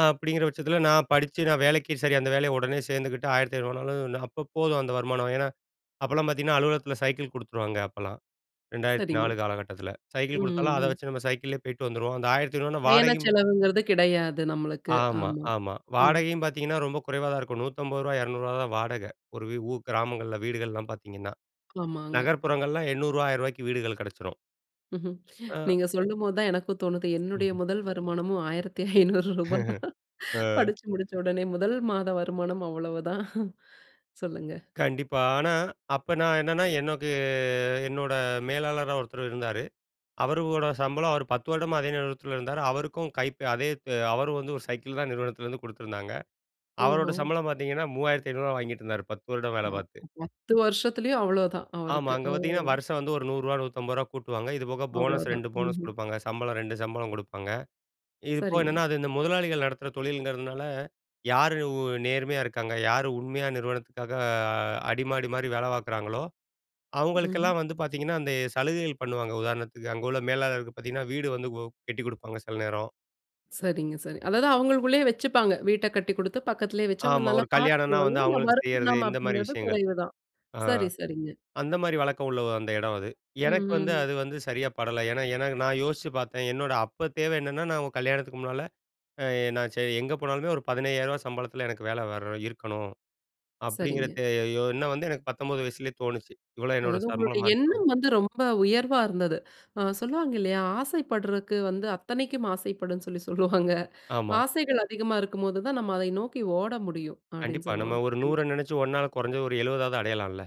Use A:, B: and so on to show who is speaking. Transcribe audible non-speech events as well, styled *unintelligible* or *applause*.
A: அப்படிங்கிற பட்சத்தில நான் படிச்சு நான் வேலைக்கு சரி. அந்த வேலைய உடனே சேர்ந்துக்கிட்டு, 1,500 அப்போ போதும் அந்த வருமானம். ஏன்னா அப்போலாம் பாத்தீங்கன்னா, அலுவலகத்தில சைக்கிள் குடுத்துருவாங்க அப்பலாம் ரெண்டாயிரத்து
B: சரிங்க.
A: நாலு காலகட்டத்தில. சைக்கிள்
B: ம்.
A: குடுத்தாலும் அதை
B: ம்.
A: வச்சு நம்ம சைக்கிள்லயே போய்ட்டு வந்துருவோம். அந்த 1,500
B: பயண
A: வாடகையும்
B: செலவுங்கிறது கெடையாது நம்மளுக்கு.
A: ஆமா,
B: ஆமா.
A: ஆமா
B: ம்.
A: வாடகையும் பாத்தீங்கன்னா, ரொம்ப குறைவா தான் இருக்கும். ரூ. 150, 200 தான் வாடகை, ஒரு ஊர் கிராமங்கள்ல வீடுகள்லாம் பாத்தீங்கன்னா.
B: ஆமாங்க.
A: நகர்ப்புறங்கள்ல ரூ.800, 1,000 வீடுகள் கெடைச்சிரும்.
B: *chuckles*
A: ஆ.
B: நீங்க சொல்லும்போது தான் எனக்கும் தோணுது என்னுடைய
A: ம்.
B: முதல் வருமானமும் ரூ. 1,500 *laughs* தான்
A: *chuckles* ஆ.
B: படிச்சு முடிச்ச உடனே முதல் மாத வருமானம் அவ்வளவுதான். சொல்லுங்க.
A: கண்டிப்பா. ஆனா, அப்ப நான் என்னன்னா, எனக்கு என்னோட மேலாளரா ஒருத்தரு இருந்தாரு. அவரோட சம்பளம் அவர் 10 வருடமா அதே நிறுவனத்தில இருந்தாரு.அவருக்கும் கை அதே அவரும் வந்து ஒரு சைக்கிள் தான் நிறுவனத்திலருந்து குடுத்துருந்தாங்க. அவரோட
B: ஓஹோ!
A: சம்பளம் பாத்தீங்கன்னா, ரூ. 3,500 வாங்கிகிட்டுருந்தாரு பத்து வருடம் வேலை பாத்து.
B: *unintelligible* 10 வருஷத்திலயும் அவ்வளவுதான்
A: ஆமா,
B: அவருக்கு.
A: அங்க
B: ஓ!
A: பாத்தீங்கன்னா வருஷம் வந்து, ரூ. 100, 150 கூட்டுவாங்க. இது போக போனஸ்
B: அவ்வளவுதான்.
A: 2 போனஸ்
B: ம்ஹ்ம்.
A: குடுப்பாங்க. சம்பளம் 2 சம்பளம் குடுப்பாங்க. இது போக
B: சரிங்க.
A: என்னன்னா, அது இந்த முதலாளிகள் நடத்துற தொழில்கிறதுனால யாரு நேர்மையா இருக்காங்க. யார் உண்மையா நிறுவனத்துக்காக அடிமாடி மாரி வேலை பாக்குறாங்களோ,
B: ம்.
A: அவுங்களுக்கெல்லாம் வந்து பாத்தீங்கன்னா, அந்த சலுகைகள் பண்ணுவாங்க. உதாரணத்துக்கு அங்க உள்ள மேலாளருக்கு பாத்தீங்கன்னா, வீடு வந்து கட்டிக் குடுப்பாங்க செல நேரம்.
B: சரிங்க, சரி. அதாவது அவங்களுக்குள்ளேயே வச்சுப்பாங்க. வீட்ட கட்டி குடுத்து பக்கத்திலேயே வச்சு அவங்கள
A: ஆமா.
B: நல்லா
A: ஒரு கல்யாணம்னா
B: பாத்துக்குவாங்க.
A: வந்து
B: ஆனா,
A: அவங்களுக்கு செய்யிறது
B: வருமானம்
A: இந்த மாரி
B: அப்டிங்கிறது
A: விஷயங்கள்.
B: குறைவுதான்.
A: ஆ
B: சரி, சரிங்க.
A: அந்த மாரி வழக்கம் உள்ள அந்த இடம் அது.
B: ம்.
A: எனக்கு வந்து
B: ம்.
A: அது வந்து சரியா படல. ஏன்னா எனக்கு நான் யோசிச்சு பாத்தேன். என்னோட அப்ப தேவை என்னன்னா, நான் உங்க கல்யாணத்துக்கு முன்னால நான் எங்க போனாலுமே, ஒரு 15,000 சம்பளத்தில எனக்கு வேலை வர இருக்கணும்.
B: சரிங்க.
A: அப்படிங்குறது எ என்னம் வந்து எனக்கு 19 வயசுலேயே தோணுச்சு. இவ்வளவு என்னோட
B: அதாவது உங்களுடைய
A: சம்பளமா இருக்கணும்.
B: எண்ணம் வந்து ரொம்ப உயர்வா இருந்தது. ஆ சொல்லுவாங்க இல்லையா? ஆசைப்பட்றதுக்கு வந்து அத்தனைக்கும் ஆசைப்படும்ன்னு சொல்லி சொல்லுவாங்க.
A: ஆமா.
B: *chuckles* ஆசைகள் அதிகமா இருக்கும்போது தான் நம்ம அதை நோக்கி ஓட முடியும் அப்டின்னு
A: கண்டிப்பா. நம்ம
B: சொல்லுவாங்க.
A: 100
B: கண்டிப்பா.
A: நெனைச்சி 1 கொறைஞ்சு ஒரு எழுவதாவது அடையலாம்ல.